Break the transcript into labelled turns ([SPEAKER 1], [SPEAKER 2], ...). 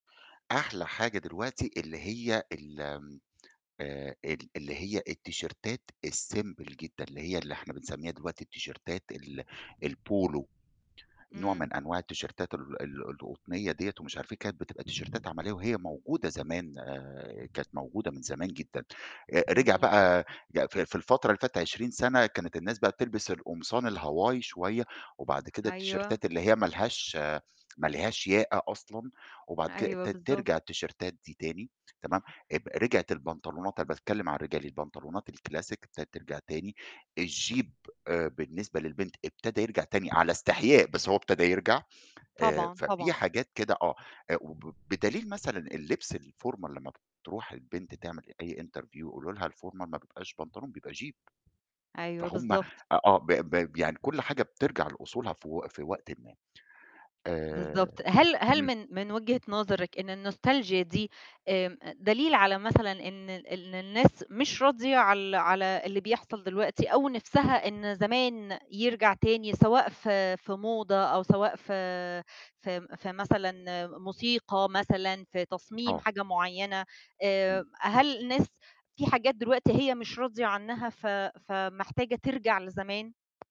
[SPEAKER 1] أحلى حاجة دلوقتي اللي هي ال آمم آآ ال اللي هي التيشيرتات الsimple جدًا، اللي هي اللي إحنا بنسمّيها دلوقتي التيشيرتات ال الPolo، نوع
[SPEAKER 2] امم.
[SPEAKER 1] من أنواع التيشيرتات ال ال القطنية دِيّة ومش عارف إيه، كانت بتبقى تيشيرتات عملية، وهي موجودة زمان آآ كانت موجودة من زمان جدًا. آآ رجع
[SPEAKER 2] جميل.
[SPEAKER 1] بقى ي في في الفترة اللي فاتت 20 سَنَة كانت الناس بقى بتلبس القمصان الhawaii شوية، وبعد كده
[SPEAKER 2] أيوه.
[SPEAKER 1] التيشيرتات اللي هي ما لهاش ما لهاش ياقة أصلًا، وبعد كده
[SPEAKER 2] أيوه،
[SPEAKER 1] ابتدت
[SPEAKER 2] بالضبط.
[SPEAKER 1] ترجع التيشيرتات دي تاني، تمام؟ إب رجعت البنطلونات أنا باتكلّم على الرجالي، البنطلونات الclassic ابتدت ترجع تاني، الjupe آآ بالنسبة للبنت ابتدا يرجع تاني، على استحياء، بس هو ابتدا يرجع. آآ
[SPEAKER 2] طبعًا،
[SPEAKER 1] ففي
[SPEAKER 2] طبعًا.
[SPEAKER 1] حاجات كده آه. آآ وب بدليل مثلًا اللبس الformal لمّا بتروح البنت تعمل أي interview يقولوا لها الformal ما بيبقاش بنطلون، بيبقى jupe.
[SPEAKER 2] أيوه،
[SPEAKER 1] فهُم أ
[SPEAKER 2] بالضبط.
[SPEAKER 1] آه، ب ب ب يعني كُل حاجة بترجع لأصولها في و في وقتٍ ما. آآ
[SPEAKER 2] بالضبط. هل هل
[SPEAKER 1] امم.
[SPEAKER 2] من من وجهة نظرِك إن الnostalgia دي آمم دليل على مثلًا إن ال إن الناس مش راضية على ال على اللي بيحصل دلوقتي، أو نِفسها إن زمان يرجع تاني سواء في في موضة، أو سواء في في م في مثلًا موسيقى مثلًا، في تصميم
[SPEAKER 1] آه.
[SPEAKER 2] حاجة مُعيّنة، آآ
[SPEAKER 1] امم.
[SPEAKER 2] هل الناس في حاجات دلوقتي هي مش راضية عنّها ف فمحتاجة ترجع لزمان؟